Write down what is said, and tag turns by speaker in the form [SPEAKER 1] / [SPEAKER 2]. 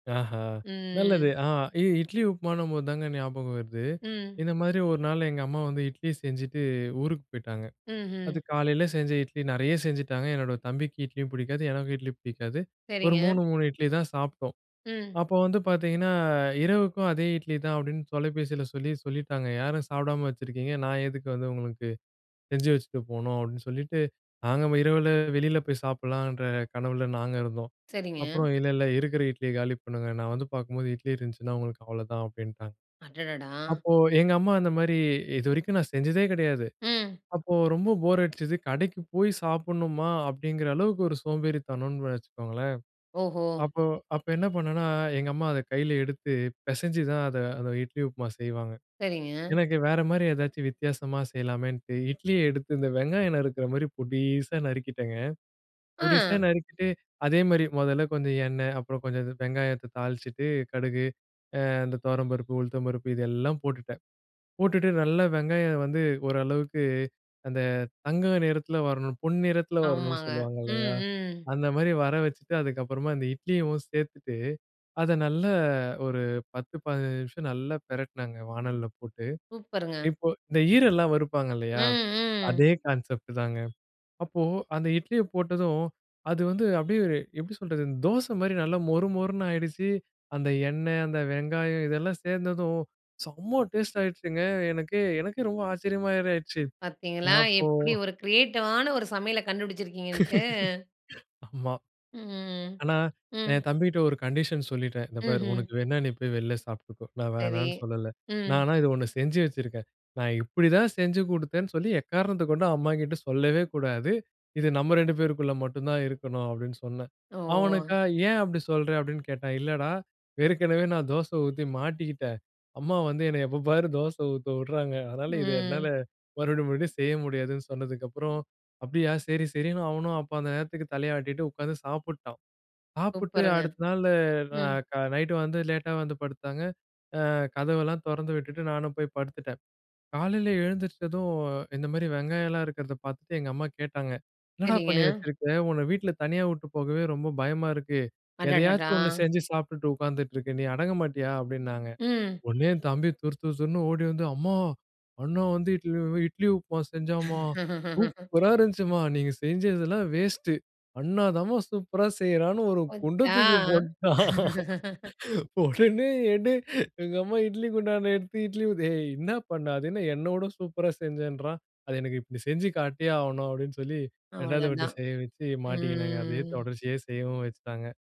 [SPEAKER 1] ஆஹ. நல்லது.
[SPEAKER 2] ம்.
[SPEAKER 1] ஆ இ இட்லி உப்புமான்னு போதுதாங்க ஞாபகம் வருது.
[SPEAKER 2] ம்.
[SPEAKER 1] இந்த மாதிரி ஒரு நாள் எங்க அம்மா வந்து இட்லி செஞ்சுட்டு, ஊருக்கு போயிட்டாங்க. அது
[SPEAKER 2] ம்ஹ்ம்.
[SPEAKER 1] காலையில செஞ்ச இட்லி நிறைய செஞ்சுட்டாங்க. என்னோட தம்பிக்கு இட்லியும் பிடிக்காது, எனக்கும் இட்லி பிடிக்காது. ஒரு
[SPEAKER 2] சரிங்க.
[SPEAKER 1] 3, 3 இட்லி தான் சாப்பிட்டோம்.
[SPEAKER 2] ம்.
[SPEAKER 1] அப்ப வந்து பாத்தீங்கன்னா, "இரவுக்கும் அதே இட்லி தான்." அப்படின்னு தொலைபேசியில சொல்லி சொல்லிட்டாங்க. "யாரும் சாப்பிடாம வச்சிருக்கீங்க நான் எதுக்கு வந்து உங்களுக்கு செஞ்சு வச்சுட்டு போணும்." அப்படின்னு சொல்லிட்டு நாங்க இரவில வெளியில போய் சாப்பிடலாம்ன்ற கனவுல நாங்க இருந்தோம்.
[SPEAKER 2] சரிங்க.
[SPEAKER 1] அப்புறம் "இல்லை இல்லை இருக்கிற இட்லியை காலி பண்ணுங்க. நான் வந்து பார்க்கும்போது இட்லி இருந்துச்சுன்னா உங்களுக்கு அவ்வளவுதான்." அப்படின்ட்டாங்க.
[SPEAKER 2] அடடடா!
[SPEAKER 1] அப்போ எங்க அம்மா அந்த மாதிரி இதுவரைக்கும் நான் செஞ்சதே கிடையாது.
[SPEAKER 2] ம்.
[SPEAKER 1] அப்போ ரொம்ப போர் அடிச்சது. கடைக்கு போய் சாப்பிடணுமா அப்படிங்கிற அளவுக்கு ஒரு சோம்பேறித்தனம்னு வச்சுக்கோங்களேன்.
[SPEAKER 2] ஓஹோ!
[SPEAKER 1] அப்ப அப்ப என்ன பண்ணேன்னா எங்க அம்மா அதை கையில எடுத்து பிசைஞ்சு தான் அதை அந்த இட்லி உப்புமா செய்வாங்க.
[SPEAKER 2] சரிங்க.
[SPEAKER 1] எனக்கு வேற மாதிரி ஏதாச்சும் வித்தியாசமா செய்யலாமேன்னு இட்லியை எடுத்து இந்த வெங்காயம் நருக்குற மாதிரி பொடீஸா நறுக்கிட்டேங்க. பொடீஸா
[SPEAKER 2] அ!
[SPEAKER 1] நறுக்கி அதே மாதிரி முதல்ல கொஞ்சம் எண்ணெய், அப்புறம் கொஞ்சம் வெங்காயத்தை தாளிச்சுட்டு கடுகு, ஆ இந்த துவரம்பருப்பு, உளுத்தம்பருப்பு இது எல்லாம் போட்டுட்டேன். போட்டுட்டு நல்லா வெங்காயம் வந்து ஓரளவுக்கு அந்த தங்க நிறத்துல வரணும் பொன்னிறத்துல வரணும்னு
[SPEAKER 2] ஆமாங்க.
[SPEAKER 1] சொல்லுவாங்க,
[SPEAKER 2] ம்,
[SPEAKER 1] இல்லையா,
[SPEAKER 2] ம்.
[SPEAKER 1] அந்த மாதிரி வர வச்சிட்டு அதுக்கப்புறமா இந்த இட்லியும் சேர்த்துட்டு அதை நல்லா ஒரு பத்து பதினைந்து நிமிஷம் நல்லா பிரட்டுனேங்க வாணல்ல போட்டு.
[SPEAKER 2] சூப்பருங்க.
[SPEAKER 1] இப்போ இந்த ஈரல்லாம் வறுப்பாங்க
[SPEAKER 2] ம்,
[SPEAKER 1] இல்லையா,
[SPEAKER 2] ம்.
[SPEAKER 1] அதே கான்செப்ட் தாங்க. அப்போ அந்த இட்லியை போட்டதும் அது வந்து அப்படியே ஒரு எப்படி சொல்றது தோசை மாதிரி நல்லா மொறு மொறுன்னு ஆயிடுச்சு. அந்த எண்ணெய், அந்த வெங்காயம் இதெல்லாம் சேர்ந்ததும் செம டேஸ்ட் ஆயிடுச்சுங்க. எனக்கே எனக்கே ரொம்ப ஆச்சரியமாரி ஆயிடுச்சு.
[SPEAKER 2] பார்த்தீங்களா
[SPEAKER 1] அப்போ
[SPEAKER 2] எப்படி ஒரு கிரியேட்டிவான ஒரு சமையலை கண்டுபிடிச்சிருக்கீங்கன்ட்டு?
[SPEAKER 1] ஆமா.
[SPEAKER 2] ம்ஹ்ம்,
[SPEAKER 1] ஆனா,
[SPEAKER 2] ம்.
[SPEAKER 1] என் தம்பிகிட்ட ஒரு கண்டிஷன் சொல்லிட்டேன். இந்த பாரு
[SPEAKER 2] ம்ஹ்ம்.
[SPEAKER 1] உனக்கு வேணும்னா நீ போய் வெளில சாப்பிட்டுக்கோ, நான்
[SPEAKER 2] சரி.
[SPEAKER 1] வேணாம்னு சொல்லல.
[SPEAKER 2] ம்.
[SPEAKER 1] ஆனா இது ஒண்ணு செஞ்சு வச்சிருக்கேன். நான் இப்படித்தான் செஞ்சு கொடுத்தேன்னு சொல்லி எக்காரணத்தைக் கொண்டும் அம்மாகிட்ட சொல்லவே கூடாது. இது நம்ம 2 பேருக்குள்ள மட்டும்தான் இருக்கணும் அப்படின்னு சொன்னேன்.
[SPEAKER 2] ஓ!
[SPEAKER 1] அவனுக்கா "ஏன் அப்படி சொல்ற?" அப்படின்னு கேட்டான். இல்லடா, ஏற்கனவே நான் தோசை ஊத்தி மாட்டிக்கிட்டேன். அம்மா வந்து என்னை எப்ப பாரு தோசை ஊத்த விடுறாங்க. அதனால இது என்னால
[SPEAKER 2] ம்.
[SPEAKER 1] மறுபடி மறுபடி செய்ய முடியாதுன்னு சொன்னதுக்கப்புறம், அப்படியா சரி சரின்னு அவனும் அப்ப அந்த நேரத்துக்கு தலையாட்டிட்டு உக்காந்து சாப்பிட்டான். சாப்பிட்டு
[SPEAKER 2] சூப்பருங்க.
[SPEAKER 1] அடுத்த நாள்ல நா
[SPEAKER 2] ம்.
[SPEAKER 1] கா நைட் வந்து லேட்டா வந்து படுத்தாங்க. ஆ கதவெல்லாம் தொறந்து விட்டுட்டு நானும் போய் படுத்துட்டேன். காலையில எழுந்துருச்சதும் இந்த மாதிரி வெங்காயம் எல்லாம் இருக்குறத பார்த்துட்டு எங்க அம்மா கேட்டாங்க, "என்னடா பண்ணி
[SPEAKER 2] சரிங்க.
[SPEAKER 1] வச்சிருக்க? உன்னை வீட்டுல தனியா விட்டு போகவே ரொம்ப பயமா இருக்கு.
[SPEAKER 2] அடடடா!
[SPEAKER 1] ஏதையாச்சும் ஒண்ணு செஞ்சு சாப்பிட்டுட்டு உக்காந்துட்டு இருக்க, நீ அடங்க மாட்டியா?" அப்படின்னாங்க.
[SPEAKER 2] ம்.
[SPEAKER 1] உடனே என் தம்பி துறுதுறுன்னு ஓடி வந்து, அம்மா அண்ண வந்து இட்லி உ இட்லி உப்புமா செஞ்சாம்மா. சூப்பரா இருந்துச்சும்மா. நீங்க செய்ஞ்சதெல்லாம் வேஸ்ட். அண்ணாதாம்மா சூப்பரா செய்யறான்னு ஒரு குண்டை
[SPEAKER 2] போச்சா?
[SPEAKER 1] தூக்கி போட்டான். உடனே ஏண்டி எங்க அம்மா இட்லி குண்டானை எடுத்து இட்லி ஊத்த, "ஏய் என்ன பண்ண? அது என்ன என்னைவிட சூப்பரா செஞ்சேன்றான். அது எனக்கு இப்படி செஞ்சு காட்டியே ஆவுணும்" அப்படின்னு சொல்லி இரண்டாவது வாட்டி
[SPEAKER 2] அவ்ளோதான்.
[SPEAKER 1] செய்ய வச்சு மாட்டிக்கினேங்க. அதை
[SPEAKER 2] ம்.
[SPEAKER 1] தொடர்ச்சிய செய்யவும் வச்சுட்டாங்க.